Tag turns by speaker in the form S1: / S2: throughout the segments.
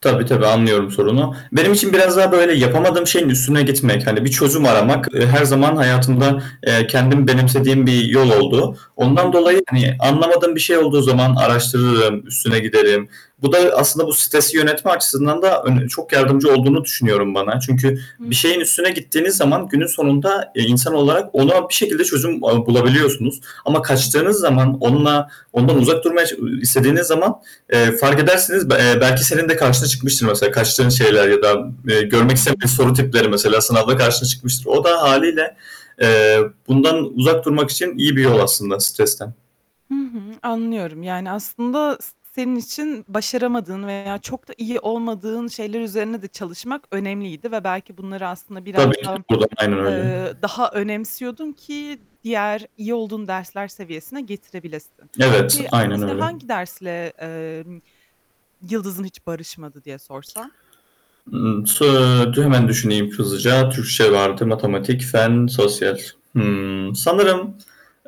S1: Tabii, tabii, anlıyorum sorunu. Benim için biraz daha böyle yapamadığım şeyin üstüne gitmek, hani, bir çözüm
S2: Hı
S1: aramak,
S2: hı.
S1: ııı, her zaman hayatımda, eee, kendim benimsediğim bir yol oldu.
S2: Hı
S1: Ondan dolayı,
S2: hı.
S1: hani, anlamadığım bir şey olduğu zaman araştırırım, üstüne giderim. Bu da aslında bu stresi yönetme açısından da ön çok yardımcı olduğunu düşünüyorum bana. Çünkü
S2: Hı
S1: bir şeyin
S2: hı.
S1: üstüne gittiğiniz zaman, günün sonunda, eee, insan olarak ona bir şekilde çözüm a bulabiliyorsunuz ama kaçtığınız
S2: Hıı.
S1: zaman, onunla, ondan uzak durmaya ça ııı, istediğiniz zaman, eee, fark edersiniz, eee, belki senin de karşına çıkmıştır mesela. Kaçtığın şeyler ya da, eee,
S2: Hı
S1: görmek istemeyen
S2: hı.
S1: soru tipleri mesela, sınavda karşına çıkmıştır. O da hâliyle, eee, bundan uzak durmak için iyi bir yol aslında. Stresten.
S2: Hı hı. Anlıyorum. Yani, aslında s senin için başaramadığın veya çok da iyi olmadığın şeyler üzerine de çalışmak önemliydi ve belki bunları aslında biraz
S1: Tabii ki de
S2: daha,
S1: [unintelligible] Aynen öyle.
S2: eee, daha önemsiyordun ki diğer iyi olduğun dersler seviyesine getirebilesin.
S1: Evet.
S2: Peki,
S1: Aynen
S2: mesela
S1: öyle.
S2: hangi dersle, eee, yıldızın hiç barışmadı diye sorsam?
S1: Hıı. So eee, t hemen düşüneyim hızlıca. Türkçe vardı. Matematik, fen, sosyal. Hımm, sanırım,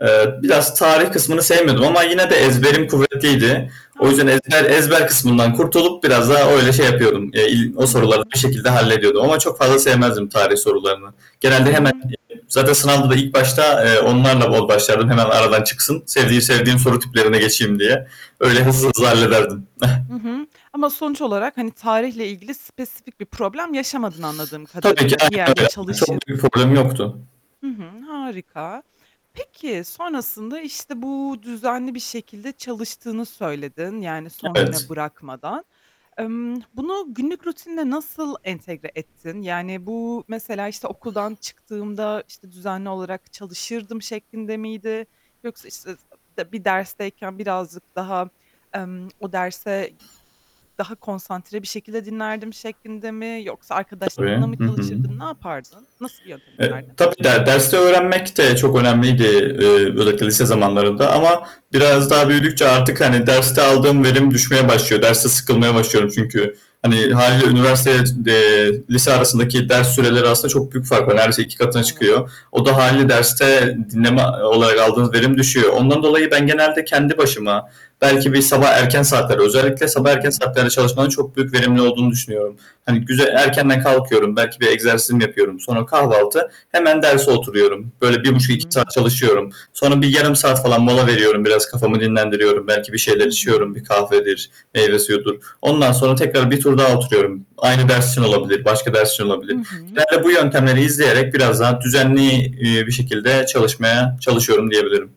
S1: eee, biraz tarih kısmını sevmiyordum ama yine de
S2: I
S1: ezberim
S2: hı.
S1: kuvvetliydi. O
S2: A,
S1: yüzden ez
S2: çok iyi.
S1: her ezber kısmından kurtulup biraz daha öyle şey yapıyordum. Eee, iii,
S2: Hı
S1: o soruları
S2: hı.
S1: bir şekilde hallediyordum ama çok fazla sevmezdim tarih sorularını.
S2: Hı
S1: Genelde hemen.
S2: hı.
S1: [unintelligible] Zaten sınavda da ilk başta, eee, onlarla bol başlardım hemen aradan çıksın, sevdiğim
S2: Hı
S1: sevdiğim soru
S2: hı.
S1: tiplerine geçeyim diye.
S2: Hı
S1: Öyle hızlı
S2: hı.
S1: hızlı hallederdim.
S2: Hı hı. Ama sonuç olarak, hani, tarihle ilgili spesifik bir problem yaşamadın anladığım
S1: Tabii ki
S2: kadarıyla bir
S1: aynen
S2: yerde
S1: öyle.
S2: çalışıp.
S1: Çok büyük bir problem yoktu.
S2: Hı hı, harika. Peki, sonrasında, işte bu düzenli bir şekilde çalıştığını söyledin yani son güne
S1: Evet.
S2: bırakmadan. Imm, bunu günlük rutinine nasıl entegre ettin? Yani, bu mesela, işte, okuldan çıktığımda, işte, düzenli olarak çalışırdım şeklinde miydi yoksa işte bir dersteyken birazcık daha, emm, o derse daha konsantre bir şekilde dinlerdim şeklinde mi yoksa
S1: Tabii.
S2: arkadaşlarınla mı
S1: Hı hı.
S2: çalışırdın, ne yapardın? Nasıl bir yöntem
S1: E
S2: izlerdin?
S1: tabii der derste öğrenmek de çok önemliydi, eee, özellikle lise zamanlarında ama biraz
S2: Hıı.
S1: daha büyüdükçe artık, hani, derste aldığım verim düşmeye başlıyor. Derste sıkılmaya başlıyorum çünkü, hani, hâliyle üniversiteye t de eee, lise arasındaki ders süreleri aslında çok büyük bir fark var. Neredeyse 2 katına
S2: Evet.
S1: çıkıyor. O da hâliyle derste dinleme [unintelligible] aldığınız verim düşüyor. Ondan dolayı ben genelde kendi başıma belki bir sabah erken saatlerde, özellikle
S2: Hı
S1: sabah erken
S2: hı.
S1: saatlerde çalışmanın çok büyük verimli olduğunu düşünüyorum. Hani, güzel
S2: Hı hı.
S1: erkenden kalkıyorum, belki bir egzersizimi yapıyorum. Sonra kahvaltı, hemen derse oturuyorum. Böyle
S2: Hı
S1: 1,5-2
S2: hı.
S1: saat çalışıyorum. Sonra bir 0,5 saat falan mola veriyorum biraz, kafamı dinlendiriyorum. Belki bir şeyler
S2: Hı
S1: içiyorum bir
S2: hı.
S1: kahvedir, meyve suyudur. Ondan sonra tekrar 1 tur daha oturuyorum. Aynı ders için olabilir. Başka ders için
S2: Hı
S1: olabilir.
S2: hı.
S1: Genelde bu yöntemleri
S2: ımm.
S1: izleyerek biraz daha düzenli, iii, bir şekilde çalışmaya çalışıyorum diyebilirim.